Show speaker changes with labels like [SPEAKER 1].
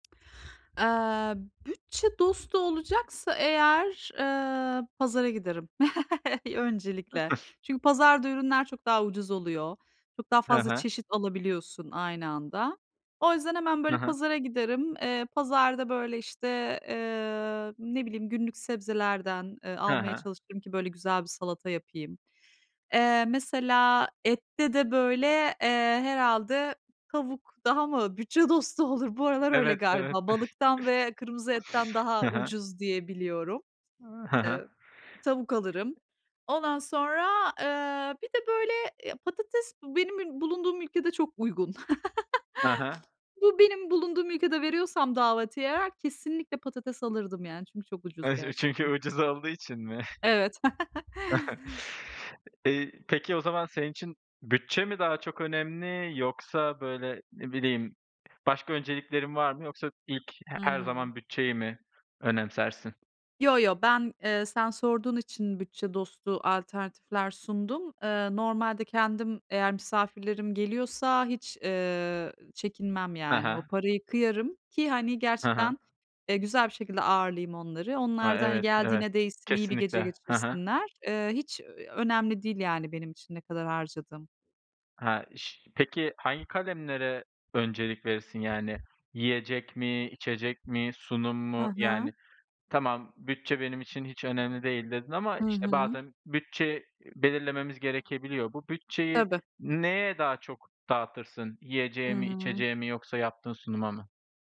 [SPEAKER 1] Eee, bütçe dostu olacaksa eğer, eee, pazara giderim öncelikle. Çünkü pazarda ürünler çok daha ucuz oluyor. Çok daha
[SPEAKER 2] Ha
[SPEAKER 1] fazla
[SPEAKER 2] ha.
[SPEAKER 1] çeşit alabiliyorsun aynı anda. O yüzden hemen,
[SPEAKER 2] Hı
[SPEAKER 1] böyle,
[SPEAKER 2] hı.
[SPEAKER 1] pazara giderim. Eee, pazarda, böyle, işte, eee, ne bileyim, günlük sebzelerden, eee,
[SPEAKER 2] Ha
[SPEAKER 1] almaya
[SPEAKER 2] ha.
[SPEAKER 1] çalışırım ki, böyle, güzel bir salata yapayım. Eee, mesela ette de, böyle, eee, herhâlde tavuk daha mı bütçe dostu olur? Bu aralar öyle
[SPEAKER 2] Evet, evet.
[SPEAKER 1] galiba. Balıktan ve kırmızı etten
[SPEAKER 2] Hı
[SPEAKER 1] daha
[SPEAKER 2] hı.
[SPEAKER 1] ucuz diye biliyorum.
[SPEAKER 2] Iıı, hı hı.
[SPEAKER 1] Eee, tavuk alırım. Ondan sonra, eee, bir de, böyle, ya patates b benim bulunduğum ülkede çok uygun.
[SPEAKER 2] Ha ha.
[SPEAKER 1] Bu, benim bulunduğum ülkede veriyorsam daveti eğer, kesinlikle patates alırdım yani. Çünkü çok ucuz
[SPEAKER 2] Evet. Çü çünkü
[SPEAKER 1] gerçekten.
[SPEAKER 2] ucuz olduğu için mi?
[SPEAKER 1] Evet.
[SPEAKER 2] İii, peki o zaman senin için bütçe mi daha çok önemli yoksa, böyle, ne bileyim, başka önceliklerin var mı? Yoksa ilk he
[SPEAKER 1] Hı
[SPEAKER 2] her
[SPEAKER 1] hı.
[SPEAKER 2] zaman bütçeyi mi önemsersin?
[SPEAKER 1] Yo yo. Ben, eee, sen sorduğun için bütçe dostu alternatifler sundum. Eee, normalde kendim eğer misafirlerim geliyorsa hiç, eee, çekinmem,
[SPEAKER 2] Ha
[SPEAKER 1] yani. O
[SPEAKER 2] ha.
[SPEAKER 1] paraya kıyarım ki hani
[SPEAKER 2] Ha ha.
[SPEAKER 1] gerçekten, eee, güzel bir şekilde ağırlayayım onları.
[SPEAKER 2] He,
[SPEAKER 1] Onlar da, hani,
[SPEAKER 2] evet, evet.
[SPEAKER 1] geldiğine değsin, iyi bir
[SPEAKER 2] Kesinlikle.
[SPEAKER 1] gece
[SPEAKER 2] Ha ha.
[SPEAKER 1] geçirsinler. Eee, hiç ö eee, önemli değil, yani, benim için ne kadar harcadığım.
[SPEAKER 2] He, iş Peki hangi kalemlere öncelik verirsin? Yani, yiyecek mi, içecek mi, sunum
[SPEAKER 1] Hı
[SPEAKER 2] mu? Yani,
[SPEAKER 1] hı.
[SPEAKER 2] tamam, "Bütçe benim için hiç önemli değil." dedin ama,
[SPEAKER 1] Hı
[SPEAKER 2] işte,
[SPEAKER 1] hı.
[SPEAKER 2] bazen bütçe, iii, belirlememiz gerekebiliyor. Bu bütçeyi
[SPEAKER 1] Tabii.
[SPEAKER 2] neye daha çok dağıtırsın?
[SPEAKER 1] Hı
[SPEAKER 2] Yiyeceğe mi,
[SPEAKER 1] hı.
[SPEAKER 2] içeceğe mi yoksa yaptığın sunuma mı?